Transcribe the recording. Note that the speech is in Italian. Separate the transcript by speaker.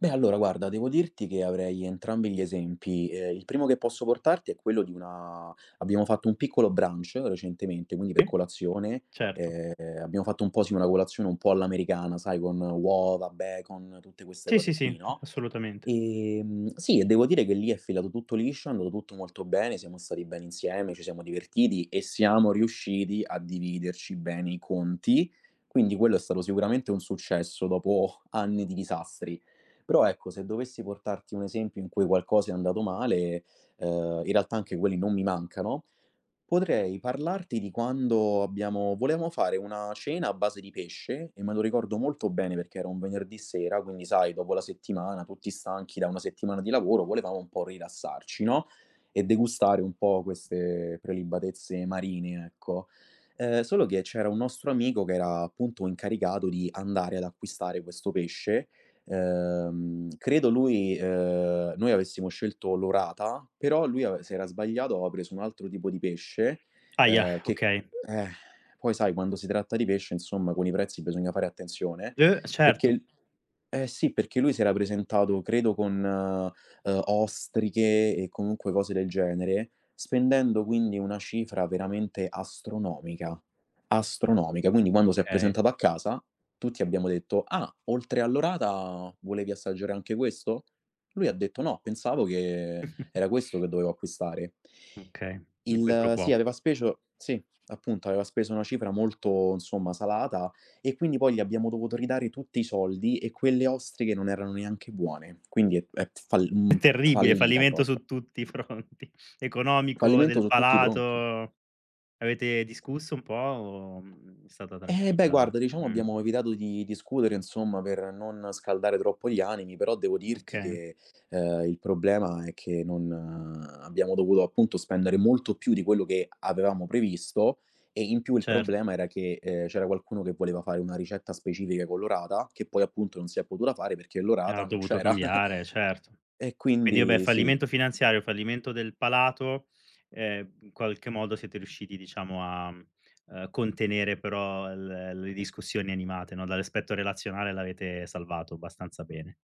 Speaker 1: Beh, allora guarda, devo dirti che avrei entrambi gli esempi. Ehm, il primo che posso portarti è quello di una abbiamo fatto un piccolo brunch recentemente, quindi per colazione,
Speaker 2: Certo.
Speaker 1: ehm, abbiamo fatto un po', sì, una colazione un po' all'americana, sai, con uova, bacon, tutte queste
Speaker 2: Sì, sì,
Speaker 1: cose qui,
Speaker 2: sì,
Speaker 1: no,
Speaker 2: assolutamente.
Speaker 1: ehm, sì, e devo dire che lì è filato tutto liscio, è andato tutto molto bene, siamo stati bene insieme, ci siamo divertiti e siamo riusciti a dividerci bene i conti. Quindi quello è stato sicuramente un successo dopo anni di disastri. Però, ecco, se dovessi portarti un esempio in cui qualcosa è andato male, ehm, in realtà anche quelli non mi mancano, potrei parlarti di quando abbiamo volevamo fare una cena a base di pesce, e me lo ricordo molto bene perché era un venerdì sera quindi, sai, dopo la settimana, tutti stanchi da una settimana di lavoro, volevamo un po' rilassarci, no, e degustare un po' queste prelibatezze marine, ecco. Eh, solo che c'era un nostro amico che era appunto incaricato di andare ad acquistare questo pesce. Ehm, credo lui ehm, noi avessimo scelto l'orata, però lui ave s'era sbagliato, aveva preso un altro tipo di pesce,
Speaker 2: Ahia,
Speaker 1: eh, che
Speaker 2: okay.
Speaker 1: eh, poi sai quando si tratta di pesce, insomma, con i prezzi bisogna fare attenzione,
Speaker 2: Uh,
Speaker 1: perché
Speaker 2: certo.
Speaker 1: l eh sì, perché lui si era presentato credo con, uhm, ostriche e comunque cose del genere, spendendo quindi una cifra veramente astronomica, astronomica. Quindi quando si è
Speaker 2: Okay.
Speaker 1: presentato a casa tutti abbiamo detto: "Ah, oltre all'orata volevi assaggiare anche questo?" Lui ha detto: "No, pensavo che era questo che dovevo acquistare."
Speaker 2: Okay, un qui pro
Speaker 1: Il sì,
Speaker 2: quo.
Speaker 1: aveva speso sì, appunto, aveva speso una cifra molto, insomma, salata e quindi poi gli abbiamo dovuto ridare tutti i soldi e quelle ostriche non erano neanche buone. Quindi è p è p fall
Speaker 2: È
Speaker 1: mhmm,
Speaker 2: terribile!
Speaker 1: fallita
Speaker 2: Fallimento
Speaker 1: proprio.
Speaker 2: su tutti i fronti: economico,
Speaker 1: Fallimento
Speaker 2: del
Speaker 1: su tutti i fronti.
Speaker 2: palato. Avete discusso un po' o, mhmm, è stata
Speaker 1: Eh beh,
Speaker 2: tranquilla
Speaker 1: guarda diciamo
Speaker 2: mh.
Speaker 1: abbiamo evitato di discutere, insomma, per non scaldare troppo gli animi, però devo dirti
Speaker 2: Oka
Speaker 1: che, ehm, il problema è che non abbiamo dovuto appunto spendere molto più di quello che avevamo previsto e in più il
Speaker 2: Certo.
Speaker 1: problema era che, ehm, c'era qualcuno che voleva fare una ricetta specifica con l'orata, che poi appunto non si è potuta fare perché l'orata
Speaker 2: Ha
Speaker 1: non
Speaker 2: dovuto
Speaker 1: c'era.
Speaker 2: cambiare, certo.
Speaker 1: E
Speaker 2: Quindi vabbè
Speaker 1: quindi sì.
Speaker 2: fallimento finanziario, fallimento del palato, ehm, qualche modo siete riusciti diciamo a, mhmm, ehm, contenere però l le discussioni animate, no, d l'aspetto relazionale l'avete salvato abbastanza bene.